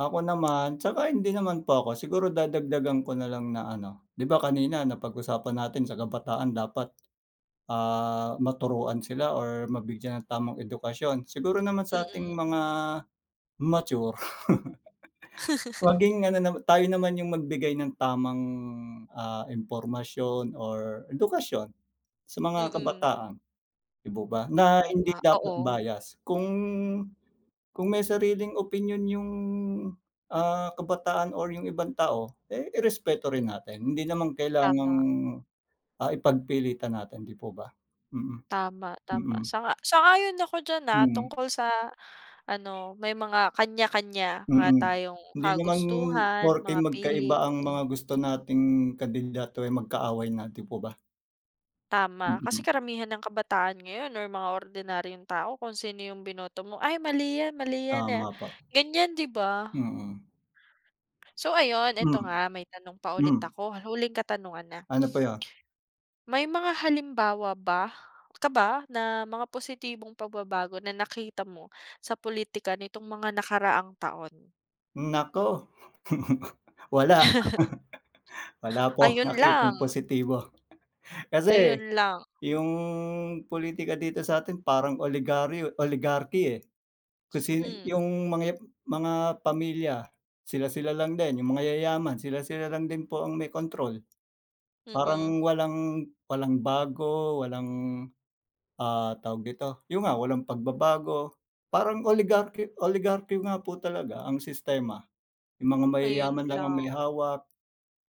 Ako naman tsaka hindi naman po ako siguro dadagdagan ko na lang na ano. Di ba kanina napag-usapan natin sa kabataan dapat, ah, maturuan sila or mabigyan ng tamang edukasyon siguro naman sa'ting Mm. mga mature. Maging ano naman tayo naman yung magbigay ng tamang, ah, impormasyon or edukasyon sa mga Mm. kabataan, 'di po ba, na hindi Tama, dapat oo. bias. Kung kung may sariling opinyon yung, ah, kabataan or yung ibang tao. Eh, i-respeto rin natin. Hindi namang kailangang, Tama. ah, ipagpilitan natin, di po ba? Mm. Tama, tama. Mm. Sang-a sang-ayon ako diyan, ah. Mm. Tungkol sa ano may mga kanya-kanya nga Mm. tayong Hindi naman kagustuhan, porke mga pili, magkaiba ang [unintelligible] mga gusto nating kandidato, eh, magkaaway na di po ba? Tama kasi Mm. karamihan ng kabataan ngayon or mga ordinaryong tao kung sino yung binoto mo, "Ay, mali yan. Mali yan, ah." Tama po. Ganyan, di ba? Mm. So, ayun ito Mm, nga may tanong pa ulit Mm. ako, huling katanungan na. Ano po yu? May mga halimbawa ba ka ba na mga positibong pagbabago na nakita mo sa pulitika nitong mga nakaraang taon? Naku! Wala! Wala po akong Ayun nakitang lang. positibo. Kasi Ayun lang. yung pulitika dito satin parang oligaryo, oligarchy, eh. Kung sin Mm. yung mga ep hmm, mga pamilya sila-sila lang din yung mayayaman sila-sila lang din po ang may kontrol. Mm. Parang walang walang bago walang, ah, tawag dito, yun nga walang pagbabago. Parang oligarchy oligarchy nga po talaga ang sistema. Yung mga Ayun mayayaman lang ang may lang. hawak,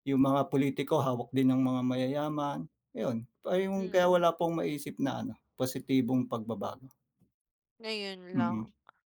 yung mga pulitiko hawak din ang mga mayayaman, ayun pa yung kaya Mm. wala po akong maisip na ano positibong pagbabago. Ngayon lang. Mm.